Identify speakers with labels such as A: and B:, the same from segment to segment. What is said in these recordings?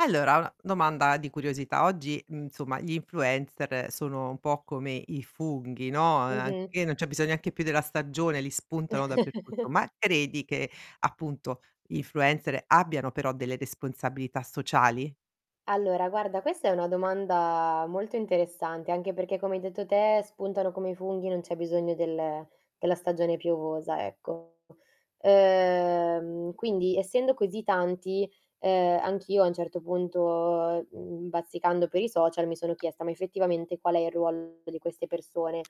A: Allora, una domanda di curiosità. Oggi, uhm, insomma, gli influencer sono un po' come i funghi, no, a e
B: Mh-mh.
A: anche non c'è bisogno neanche più della stagione, li spuntano dappertutto ma credi che appunto, gli influencer abbiano però delle responsabilità sociali?
B: Allora, guarda, questa è una domanda molto interessante. Anche perché, come hai detto te, spuntano come i funghi, non c'è bisogno del della stagione piovosa ecco. Ehm, quindi essendo così tanti, ehm, anch'io a un certo punto, uhm, bazzicando per i social, mi sono chiesta, ma effettivamente qual è il ruolo di queste persone?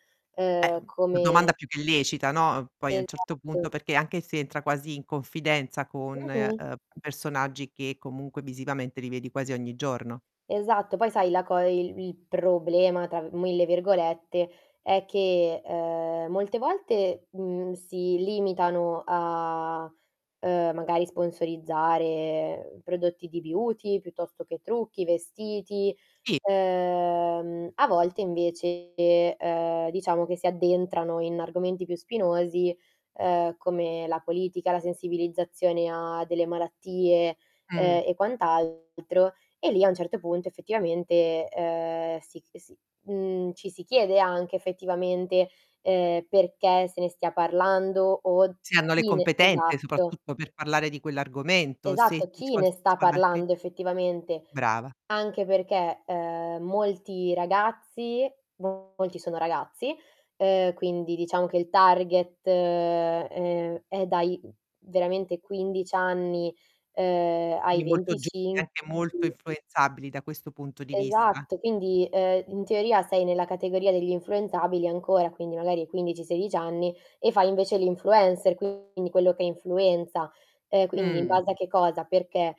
A: Eh,
B: Ehm,
A: mh, domanda
B: come
A: più che lecita, no, mh? Poi a un certo punto
B: Esatto.
A: perché anche se entra quasi in confidenza con, ehm,
B: Mh-mh.
A: personaggi che comunque visivamente li vedi quasi ogni giorno.
B: Esatto. Poi sai la co e il "il problema", tra 1000 virgolette, è che, ehm, molte volte, uhm, si limitano a, ehm, magari sponsorizzare prodotti di beauty piuttosto che trucchi, vestiti,
A: Sì.
B: ehm, a volte invece, ehm, diciamo che si addentrano in argomenti più spinosi, ehm, come la politica, la sensibilizzazione a delle malattie,
A: Mh.
B: ehm, e quant'altro, e lì a un certo punto effettivamente, ehm, si si mhmm, ci si chiede anche effettivamente, ehm, perché se ne stia parlando o
A: Se hanno le
B: chi ne
A: competenze
B: esatto.
A: soprattutto per parlare di quell'argomento,
B: Esatto, chi ne sta
A: [unintelligible]
B: parlando effettivamente.
A: Brava.
B: Anche perché, ehm, molti ragazzi, molti sono ragazzi, ehm, quindi diciamo che il target, ehm, è è dai veramente 15 anni, ehm, ai
A: Quindi molto giovani e
B: 25
A: anche molto
B: [unintelligible]
A: influenzabili da questo punto di vista.
B: Esatto, quindi, ehm, in teoria sei nella categoria degli influenzabili ancora, quindi magari hai 15-16 anni, e fai invece l'influencer, quindi quello che influenza. Ehm, quindi in
A: Mh.
B: base a che cosa? Perché?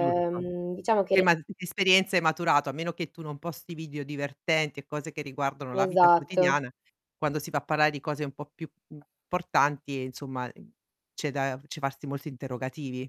A: Giusto.
B: diciamo che
A: Eh ma, che esperienze hai maturato, a meno che tu non posti video divertenti e cose che riguardano la vita
B: Esatto.
A: quotidiana, quando si va a parlare di cose un po' più importanti insomma, mh, c'è da c'è farsi molti interrogativi.